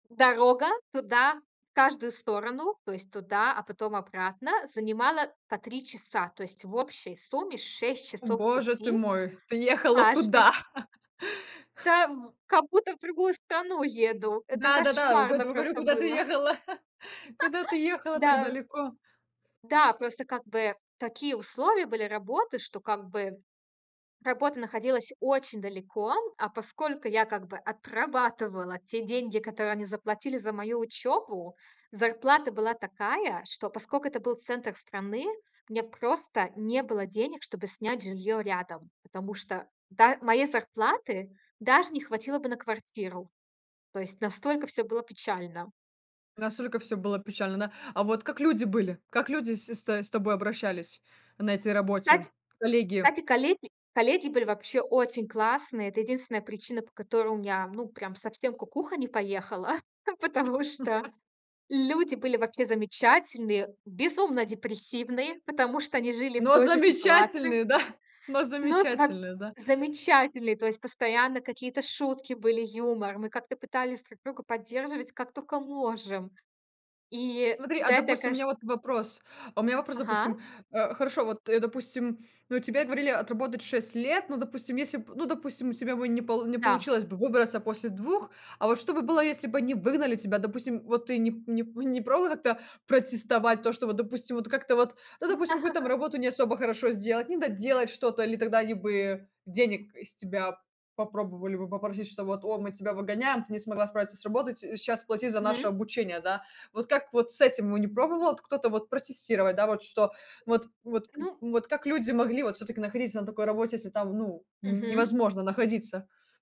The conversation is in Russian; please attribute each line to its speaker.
Speaker 1: Дорога туда в каждую сторону, то есть туда, а потом обратно, занимала по 3 часа. То есть в общей сумме 6 часов
Speaker 2: Боже ты
Speaker 1: пути
Speaker 2: мой, ты ехала куда?
Speaker 1: каждый Та в как будто в другую страну еду. Это
Speaker 2: Да-да-да, вот
Speaker 1: кошмарно
Speaker 2: поэтому и говорю:
Speaker 1: просто
Speaker 2: "Куда ты
Speaker 1: было.
Speaker 2: ехала? Куда ты ехала так
Speaker 1: Да.
Speaker 2: далеко?"
Speaker 1: Да, просто как бы такие условия были работы, что как бы работа находилась очень далеко. А поскольку я как бы отрабатывала те деньги, которые они заплатили за мою учёбу, зарплата была такая, что, поскольку это был центр страны, у меня просто не было денег, чтобы снять жильё рядом. Потому что та моей зарплаты даже не хватило бы на квартиру. То есть настолько всё было печально.
Speaker 2: Настолько всё было печально, да? А вот как люди были? Как люди с с с тобой обращались на этой работе?
Speaker 1: Кстать
Speaker 2: Коллеги?
Speaker 1: кстати, коллеги, коллеги были вообще очень классные. Это единственная причина, по которой у меня, м, ну, прям совсем кукуха не поехала. Потому что люди были вообще замечательные, безумно депрессивные, потому что они жили в
Speaker 2: Но
Speaker 1: той же ситуации.
Speaker 2: замечательные замечательные, да, но
Speaker 1: Но с воб
Speaker 2: замечательные, да?
Speaker 1: замечательные. То есть постоянно какие-то шутки были, юмор. Мы как-то пытались друг друга поддерживать, как тока можем. И
Speaker 2: Смотри, а,
Speaker 1: за это, я
Speaker 2: допустим, у
Speaker 1: кэшн
Speaker 2: меня вот вопрос. У меня вопрос. Допустим,
Speaker 1: Ага.
Speaker 2: э, хорошо, вот, э, допустим, ну, тебе говорили отработать 6 лет. Ну, допустим, если б ну, допустим, у тебя бы не пол не
Speaker 1: Да.
Speaker 2: получилось бы выбраться после 2, а вот что бы было, если бы они выгнали тебя, допустим, вот ты не п не п не пробовала как-то протестовать то, что вот, допустим, вот как-то вот, ну, допустим, какую-то работу не особо хорошо сделать, не доделать что-то, или тогда они бы денег из тебя попробовали бы попросить, что вот: "О, мы тебя выгоняем, ты не смогла справиться с работой, ти" и сейчас платить за наше
Speaker 1: Мгм.
Speaker 2: обучение, да. Вот как вот с этим бы не пробовал кто-то вот протестировать, да, вот что вот, вот к
Speaker 1: Ну
Speaker 2: вот как люди могли вот все-таки находиться на такой работе, если там, ну,
Speaker 1: Мгм.
Speaker 2: невозможно находиться?